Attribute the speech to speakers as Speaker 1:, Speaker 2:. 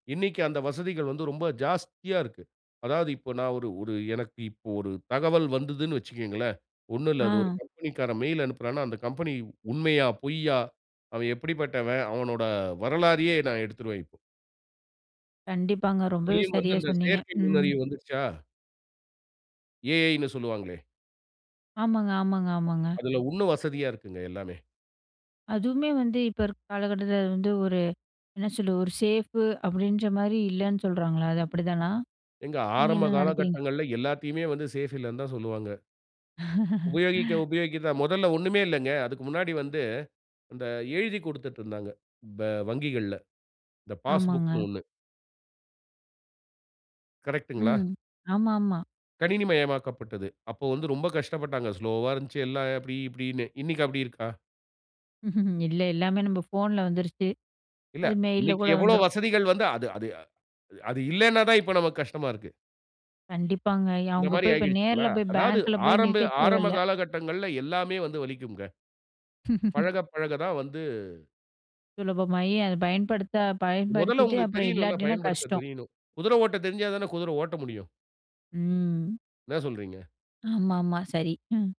Speaker 1: இன்னைக்கு அந்த வசதிகள் வந்து ரொம்ப ஜாஸ்தியா இருக்கு. அதாவது இப்ப நான் ஒரு, ஒரு எனக்கு இப்ப ஒரு தகவல் வந்ததுன்னு வச்சுக்கங்களேன், ஒண்ணும் இல்ல, அது ஒரு
Speaker 2: ஆ.
Speaker 1: கம்பெனிக்காரன் மெயில் அனுப்புறான்னா, அந்த கம்பெனி உண்மையா? பொய்யா? அவன் எப்படிப்பட்டவன்? அவனோட வரலாறையே நான் எடுத்துருவேன் இப்போ.
Speaker 2: கண்டிப்பாங்க. ரொம்பவே
Speaker 1: இதிலயும் வந்து
Speaker 2: சரியா
Speaker 1: அந்த
Speaker 2: சொன்னீங்க.
Speaker 1: செயற்கை
Speaker 2: ம்.
Speaker 1: நுண்ணறிவு வந்துருச்சா? ஏ.ஐன்னு சொல்லுவாங்களே.
Speaker 2: ஆமாங்க, ஆமாங்க, ஆமாங்க.
Speaker 1: அதில உண்ணும் வசதியா இருக்குங்க எல்லாமே.
Speaker 2: அதுவுமே வந்து இப்ப இருக்க காலகட்டத்தில அது வந்து ஒரு என்ன சொல்ல? ஒரு சேஃபு அப்படீன்ற மாரி இல்லைன்னு சொல்றாங்கல்ல, அது அப்டிதானா?
Speaker 1: ஏங்க
Speaker 2: நீங்க
Speaker 1: ஆரம்ப
Speaker 2: என்ன நெனைக்கிறீங்க?
Speaker 1: காலகட்டங்கள்ல எல்லாத்தையுமே வந்து சேஃப் இல்லைன்னு தான் சொல்லுவாங்க. உபயோகிக்க உபயோகிக்க தான். முதல்ல ஒண்ணுமே இல்லைங்க. அதுக்கு முன்னாடி வந்து, அந்த எழுதிக் கொடுத்துட்டுருந்தாங்க. ப வங்கிகள்ல, இந்த
Speaker 2: ஆமாங்க.
Speaker 1: பாஸ்புக்ன்னு ஒண்ணு. கரெக்ட்டுங்களா?
Speaker 2: ம். ஆமாமா.
Speaker 1: கணினி மயமாக்கப்பட்டது. அப்போ வந்து ரொம்ப கஷ்டப்பட்டாங்க. ஸ்லோவா இருந்துச்சு எல்லாம், "அப்டி இப்டீன்னு" இன்னைக்கு அப்டி இருக்கா?
Speaker 2: இல்ல, எல்லாமே நம்ப ஃபோன்ல வந்துருச்சு.
Speaker 1: இல்ல.
Speaker 2: அது மெயில்ல
Speaker 1: இன்னைக்கி
Speaker 2: கூட
Speaker 1: எவ்வளவு
Speaker 2: வந்துரும்.
Speaker 1: வசதிகள் வந்து, அது அது அது இல்லைன்னா தான் இப்ப நமக்கு கஷ்டமா இருக்கு.
Speaker 2: கண்டிப்பாங்க. ய
Speaker 1: அந்த
Speaker 2: அவங்க
Speaker 1: மாரி
Speaker 2: போய் இப்ப
Speaker 1: ஆகிடுச்சுங்களா?
Speaker 2: நேர்ல போய்,
Speaker 1: அதாவது
Speaker 2: பேங்க்ல போய்
Speaker 1: ஆரம்ப,
Speaker 2: நிக்க
Speaker 1: ஆரம்ப
Speaker 2: தேவையில்ல.
Speaker 1: காலகட்டங்கள்ல எல்லாமே வந்து வலிக்கும்ங்க. பழகப் பழக தான் வந்து
Speaker 2: சுலபமாயி அத பயன்படுத்த
Speaker 1: மொதல்ல
Speaker 2: பயன்படுத்திட்டு
Speaker 1: ஒங்களுக்கு
Speaker 2: அப்பறம்
Speaker 1: தெரியணும்ல்ல,
Speaker 2: இல்லாட்டின்னா
Speaker 1: பயன்படுத்தத்
Speaker 2: கஷ்டம்.
Speaker 1: தெரியணும். குதிரை ஓட்ட தெரிஞ்சா தான, குதிரை ஓட்ட முடியும்.
Speaker 2: ம்.
Speaker 1: என்ன சொல்றீங்க?
Speaker 2: ஆமாமா, சரி. ம்.